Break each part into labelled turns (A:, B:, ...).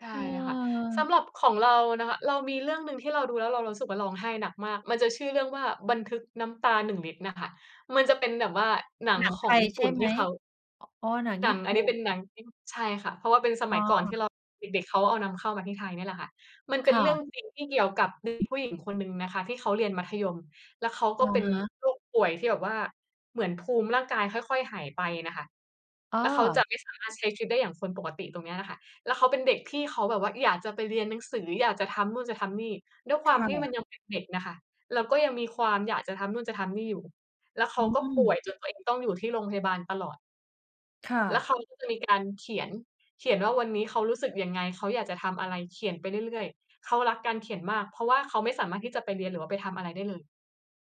A: ใช่
B: เ
A: ค่ะ ส
B: อ
A: ำ
B: อ
A: หรับของเรานะคะ เรามีเรื่องหนึ่งที่เราดูแล้วเรา เรารู้สึกว่าร้องไห้หนักมาก มันจะชื่อเรื่องว่า "บันทึกน้ำตาหนึ่งลิตร" น่ะค่ะ มันจะเป็นแบบว่าหนัง
B: หนัง
A: ข
B: ไ
A: อ
B: ท
A: ง
B: ย
A: ญี่ป
B: ใช
A: ุ
B: ่
A: ่น
B: ไ
A: ท
B: ห
A: ี
B: ม?
A: ่เขา
B: อ๋อ หนัง
A: ห
B: ญ
A: น
B: ี
A: ั
B: ่
A: งอ
B: ป
A: ั
B: ุ
A: นนี
B: ่
A: ้เป
B: น
A: ็นหนังที่ ใช่ค่ะ เพราะว่าเป็นส
B: อ๋
A: มั
B: อ
A: ยก่อนที่เราเด็ก ๆ เขาเอานำเข้ามาที่ไทยเนี่ยแหละค่ะ มันเป
B: ค
A: ็น
B: ่
A: เรื่อ
B: ะ
A: งจริงที่เกี่ยวกับ เด็กผู้หญิงคนหนึ่งนะคะที่เขาเรียนมัธยม แล้วเขาก
B: อ
A: ็
B: ะ
A: เป็น
B: ฮะ
A: โรค ป่วยที่แบบว่าเหมือนภูมิร่างกายค่อย ๆ หายไปน่ะค่ะ
B: อ้
A: แล้วเขา
B: อ
A: จะไม่สามารถใช้ชีวิตได้อย่างคนปกติตรงเนี้ยล่ะค่ะ แล้วเขาเป็นเด็กที่เขาแบบว่าอยากจะไปเรียนหนังสือ อยากจะทำนู่นจะทำนี่ ด้วยค
B: ค
A: วาม
B: ่
A: ที่มั
B: ะ
A: นยังเป็นเด็กน่ะค่ะ แล้วก็ยังมีความอยากจะทำนู่นจะทำนี่อยู่ แล้วเข
B: อ
A: า
B: ื
A: ก็ป่ว
B: ม
A: ยจนตัวเองต้องอยู่ที่โรงพยาบาลตลอด
B: ค่
A: แล้ว
B: ะ
A: เขาก็จะมีการเขียน เขียนว่าวันนี้เขารู้สึกยังไง เขาอยากจะทำอะไร เขียนไปเรื่อย ๆ เขารักการเขียนมาก เพราะว่าเขาไม่สามารถที่จะไปเรียน หรือว่าไปทำอะไรได้เลย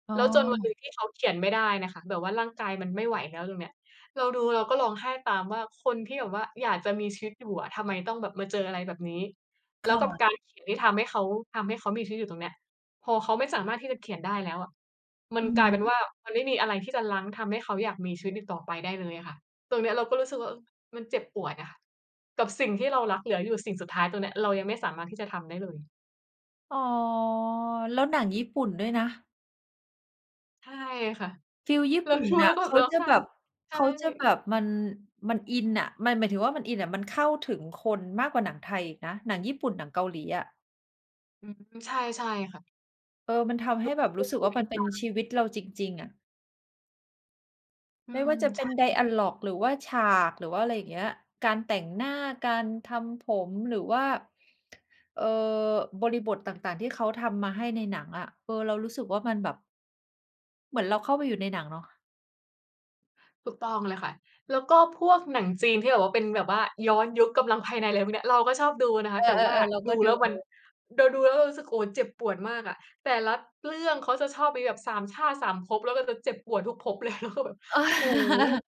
B: อ๋
A: แล้วจนวันหน
B: อ
A: ึ่งที่เขาเขียนไม่ได้น่ะค่ะ แบบว่าร่างกายมันไม่ไหวแล้ว ตรงเนี้ยเราดูเราก็ร้องไห้ตามว่า "คนที่แบบว่าอยากจะมีชีวิตอยู่อะทำไมต้องแบบมาเจออะไรแบบนี้" แ
B: ค
A: ล้ว
B: ่
A: กับ
B: ะ
A: การเขียนที่ทำให้เขา ทำให้เขามีชีวิตอยู่ตรงเนี้ย พอเขาไม่สามารถที่จะเขียนได้แล้วอะมั
B: อ
A: น
B: ือ
A: กลายเป็น
B: ฮึ
A: ว่ามันไม่มีอะไรที่จะรั้ง ทำให้เขาอยากมีชีวิตอีกต่อไปได้เลยอะค่ะ ตรงเนี้ยเราก็รู้สึกว่า เอ่อ มันเจ็บปวดอะกับสิ่งที่เรารักเหลืออยู่สิ่งสุดท้าย ตรงเนี้ยเรายังไม่สามารถที่จะทำได้เลย
B: อ๋อ แล้วหนังญี่ปุ่นด้วยนะ
A: ใช่ค่ะ
B: ฟีลญี่
A: เร
B: ป
A: า
B: ุ่น
A: ดู
B: น
A: แล
B: ่
A: ้
B: ะ
A: วก็แ
B: เ
A: บ
B: ข
A: บ
B: า
A: ร้อง
B: จะ
A: ไห้
B: แบบ
A: ใช
B: เ
A: ่
B: ขาจะแบบมัน มันอินน่ะ หมาย หมายถึงว่ามันอินน่ะ มันเข้าถึงคนมากกว่าหนังไทยอีกนะ หนังญี่ปุ่น หนังเกาหลีอะ
A: อืม ใช่ ใช่ค่ะ
B: เออ มันทำให้แบบรู้สึกว่ามันเป็น
A: [unintelligible]
B: ชีวิตเราจริง ๆ อะ
A: อื
B: ไม่ว
A: ม
B: ่าจะเ
A: ใ
B: ป
A: ช
B: ็
A: ่
B: น ไ
A: ค
B: ด
A: ่ะ
B: อะลอก หรือว่าฉาก หรือว่า อะไร อย่างเงี้ย การแต่งหน้า การทำผมหรือว่า เอ่อ บริบทต่าง ๆ ที่เขาทำมาให้ในหนังอะ เอ่อ เรารู้สึกว่ามันแบบ เหมือนเราเข้าไปอยู่ในหนังเนาะ
A: ถูกต้องเลยค่ะ แล้วก็พวกหนังจีนที่แบบว่าเป็นแบบว่าย้อนยุค กำลังภายใน อะไรพวกเนี้ย เราก็ชอบดูนะค
B: เอ
A: ะ แต่ว่า
B: อ ๆ ๆ เรา
A: ด
B: ก็
A: ู
B: ด
A: แ
B: ู
A: ล้วมัน เดา ดูแล้วเรารู้สึก โอ้ เจ็บปวดมากอะ แต่ละเรื่องเขาจะชอบมีแบบ 3 ชาติ 3 ภพ แล้วเราจะเจ็บปวดทุกภพ เลย แล้วก็แบบ
B: เออ
A: โอ้โฮ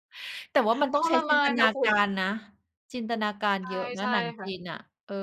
B: แต่ว่ามันต
A: ท
B: ้องใช้
A: ร
B: จ
A: ม
B: ิน
A: า
B: ต
A: น
B: น
A: น่
B: า
A: ะคุ
B: ก
A: ณ
B: ารนะ จินตนาการ
A: ใช่
B: เยอะน
A: ใช
B: ะ
A: ่
B: หนัง
A: ค่
B: จ
A: ะ
B: ีนน่ะ เออ